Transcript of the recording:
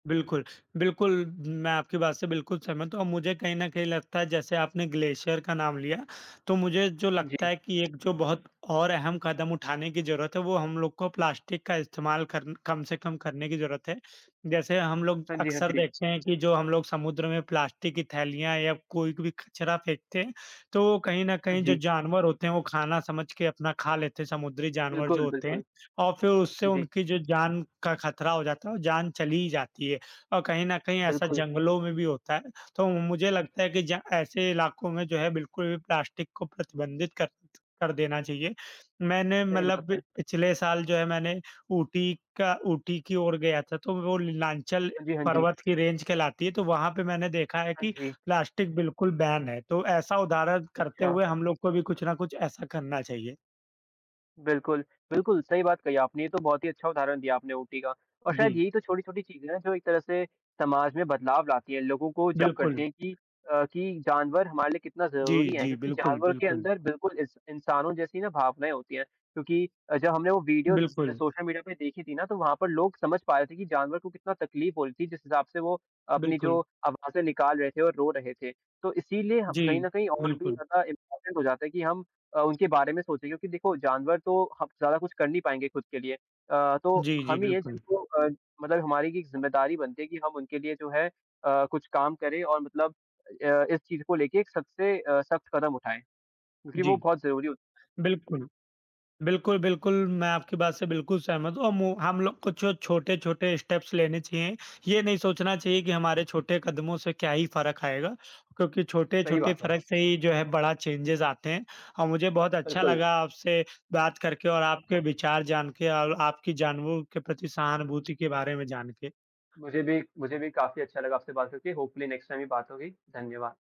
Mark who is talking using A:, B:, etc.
A: बिल्कुल, बिल्कुल मैं आपकी बात से बिल्कुल सहमत हूँ औ मुझे कहीं न कहीं लगता है जैसे आपने ग्लेशियर का नाम लिया, तो मुझे जो
B: हाँ
A: लगता
B: जी।
A: है कि एक जो बहुत और अहम कदम उठाने की ज़रूरत है, वो हम लोग को प्लास्टिक का इस्तेमाल कर न कम से कम करने की ज़रूरत है। जैसे हम लोग
B: हाँ जी, हाँ
A: अक्सर
B: जी।
A: देखते हैं कि जो हम लोग समुद्र में प्लास्टिक की थैलियाँ या कोई कभी कचरा फेंकते हैं, तो वो कहीं न
B: हाँ
A: कहीं जो
B: जी।
A: जानवर होते हैं वो खाना समझ के अपना खा लेते हैं, समुद्री जानवर जो
B: बिल्कुल,
A: होते हैं।
B: बिल्कुल।
A: और फिर उससे
B: हाँ जी।
A: उनकी जो जान का खतरा हो जाता है वो जान चली ही जाती है, और कहीं न कहीं ऐसा
B: बिल्कुल।
A: जंगलों में भी होता है, तो मुझे लगता है कि जा ऐसे इलाकों में जो है बिल्कुल प्लास्टिक को प्रतिबंधित कर कर देना चाहिए। मैंने
B: सही बात
A: मतलब
B: है।
A: पिछले साल जो है मैंने ऊटी का ऊटी की ओर गया था तो वो नीलांचल
B: हाँ जी, हाँ जी।
A: पर्वत की रेंज कहलाती है तो वहाँ पे मैंने देखा है
B: हाँ
A: कि
B: जी।
A: प्लास्टिक बिल्कुल बैन है, तो ऐसा उदाहरण करते
B: अच्छा।
A: हुए हम लोग को भी कुछ ना कुछ ऐसा करना चाहिए।
B: बिल्कुल, बिल्कुल सही बात कही आपने, ये तो बहुत ही अच्छा उदाहरण दिया आपने ऊटी का। और शायद
A: बि
B: यही तो छोटी-छोटी चीज़े हैं, जो एक तरह से समाज में बदलाव लाती हैं, लोगों को जागरूक करती
A: बिल्कुल।
B: हैं कि अ, कि जानवर हमारे लिए कितना
A: जी,
B: ज़रूरी हैं,
A: जी,
B: क्योंकि
A: बिल्कुल,
B: जानवर के
A: बिल्कुल।
B: अंदर बिल्कुल इस इंसानो जैसी ना भावनाएँ होती हैं। क्योंकि अ, जब हमने वो वीडियो
A: बिल्कुल।
B: सोशल मीडिया पे देखी थी ना, तो वहाँ पर लोग समझ पा रहे थे कि जानवर को कितना तकलीफ हो रही थी जिस हिसाब से वो अपनी जो
A: बिल्कुल।
B: आवाज़ें निकाल रहे थे और रो रहे थे। तो इसीलिए हम कहीं
A: जी,
B: न कहीं और भी
A: बिल्कुल।
B: ज़्यादा इम्पोर्टेंट हो जाता है कि हम अ, उनके बारे में सोचें, क्योंकि देखो, जानवर तो हब ज़्यादा कुछ कर नहीं पाएँगे खुद के लिए। अ, तो
A: जी, जी,
B: हम ही हैं
A: बिल्कुल।
B: जिनको अ, मतलब हमारी ये एक जिम्मेदारी बनती है कि हम उनके लिए जो है अ, कुछ काम करें और मतलब अ अ, इस चीज़ को लेके सबसे अ, सख्त कदम उठाएँ, क्योंकि वो
A: जी।
B: बहुत ज़रूरी होता है।
A: बिल्कुल। बिल्कुल, बिल्कुल मैं आपकी बात से बिल्कुल सहमत हूँ अम, औ हम लोग कुछ छोटे-छोटे स्टेप्स लेने चाहिए, ये नहीं सोचना चाहिए कि हमारे छोटे कदमों से क्या ही फ़र्क आएगा? क्योंकि
B: सही
A: छोटे-छोटे
B: बात है।
A: फ़र्क से ही जो है बड़ा चेंजेज़ आते हैं। और मुझे बहुत अच्छा
B: बिल्कुल।
A: लगा आपसे बात करके और आपके विचार जान के और आपकी जानवरों के प्रति सहानुभूति के बारे में जान के।
B: मुझे भी मुझे भी काफ़ी अच्छा लगा आपसे बात करके, होपफुली नेक्स्ट टाइम भी बात होगी। धन्यवाद।